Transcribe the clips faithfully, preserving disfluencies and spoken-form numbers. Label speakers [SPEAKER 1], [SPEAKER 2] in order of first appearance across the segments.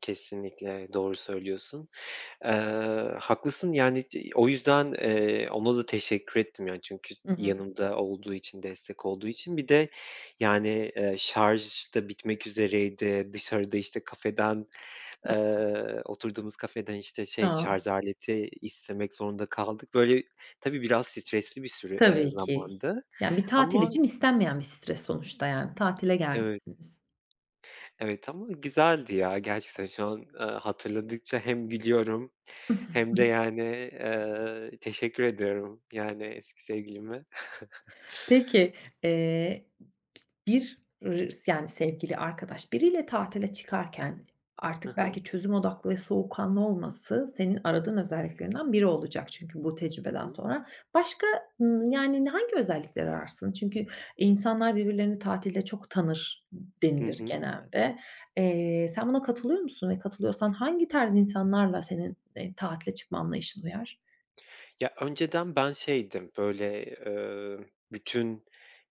[SPEAKER 1] Kesinlikle doğru söylüyorsun. Iıı, haklısın, yani, c o yüzden, eee, ona da teşekkür ettim, yani, çünkü
[SPEAKER 2] I hı.
[SPEAKER 1] yanımda olduğu için, destek olduğu için. Bir de, yani, eee, şarj da bitmek üzereydi. Dışarıda, işte, kafeden,
[SPEAKER 2] Hı hı.
[SPEAKER 1] eee, oturduğumuz kafeden, işte, şey, şarz
[SPEAKER 2] Haa.
[SPEAKER 1] aleti istemek zorunda kaldık. Böyle, tabii biraz stresli bir süre ııı,
[SPEAKER 2] Tabii ki.
[SPEAKER 1] zamandı
[SPEAKER 2] Yani, bir tatil
[SPEAKER 1] ama
[SPEAKER 2] için istenmeyen bir stres sonuçta, yani. Tatile
[SPEAKER 1] Evet.
[SPEAKER 2] gelmişsiniz.
[SPEAKER 1] Evet ama güzeldi, ya. Gerçekten şu an, ııı, hatırladıkça hem gülüyorum hem de, yani, eee, teşekkür ediyorum, yani, eski sevgilime.
[SPEAKER 2] Peki, eee, bir r s yani, sevgili, arkadaş, biriyle tatile çıkarken
[SPEAKER 1] Hı
[SPEAKER 2] artık
[SPEAKER 1] hı.
[SPEAKER 2] belki çözüm odaklı ve soğukkanlı olması senin aradığın özelliklerinden biri olacak çünkü bu
[SPEAKER 1] Hı
[SPEAKER 2] tecrübeden
[SPEAKER 1] hı.
[SPEAKER 2] sonra. Başka, ımm, yani, hangi özellikleri ararsın? Çünkü insanlar birbirlerini tatilde çok tanır
[SPEAKER 1] Hı
[SPEAKER 2] denilir,
[SPEAKER 1] hı.
[SPEAKER 2] genelde. Eee, sen buna katılıyor musun ve katılıyorsan hangi tarz insanlarla senin, eee, tatile çıkma anlayışın uyar?
[SPEAKER 1] Ya, önceden ben şeydim, böyle, ııı, bütün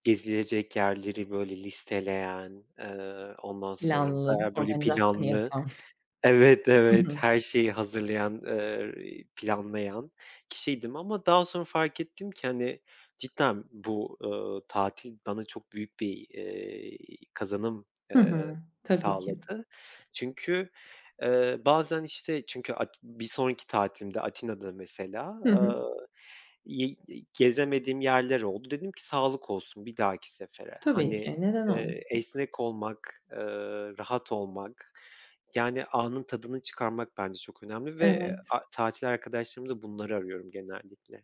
[SPEAKER 1] gezilecek yerleri, böyle, listeleyen, ııı, ondan sonra
[SPEAKER 2] Planlı,
[SPEAKER 1] bayağı, böyle,
[SPEAKER 2] organizasyonu
[SPEAKER 1] planlı
[SPEAKER 2] yapan,
[SPEAKER 1] Evet,
[SPEAKER 2] hı
[SPEAKER 1] evet,
[SPEAKER 2] hı.
[SPEAKER 1] her şeyi hazırlayan, ııı, iii, planlayan kişiydim ama daha sonra fark ettim ki, hani, cidden bu, ııı, tatil bana çok büyük bir, eee, kazanım,
[SPEAKER 2] Hı
[SPEAKER 1] ıııı,
[SPEAKER 2] hı, tabii ki.
[SPEAKER 1] sağladı. Çünkü, eee, bazen, işte, çünkü at bir sonraki tatilimde, Atina'da mesela,
[SPEAKER 2] Hı hı.
[SPEAKER 1] ııı, ye ye gezemediğim yerler oldu. Dedim ki, "Sağlık olsun, bir dahaki sefere."
[SPEAKER 2] Tabii
[SPEAKER 1] Hani,
[SPEAKER 2] ki, neden
[SPEAKER 1] eee,
[SPEAKER 2] olmasın?
[SPEAKER 1] esnek olmak, ııı, rahat olmak, yani, anın tadını çıkarmak bence çok önemli ve
[SPEAKER 2] Evet.
[SPEAKER 1] a tatil arkadaşlarımda bunları arıyorum genellikle.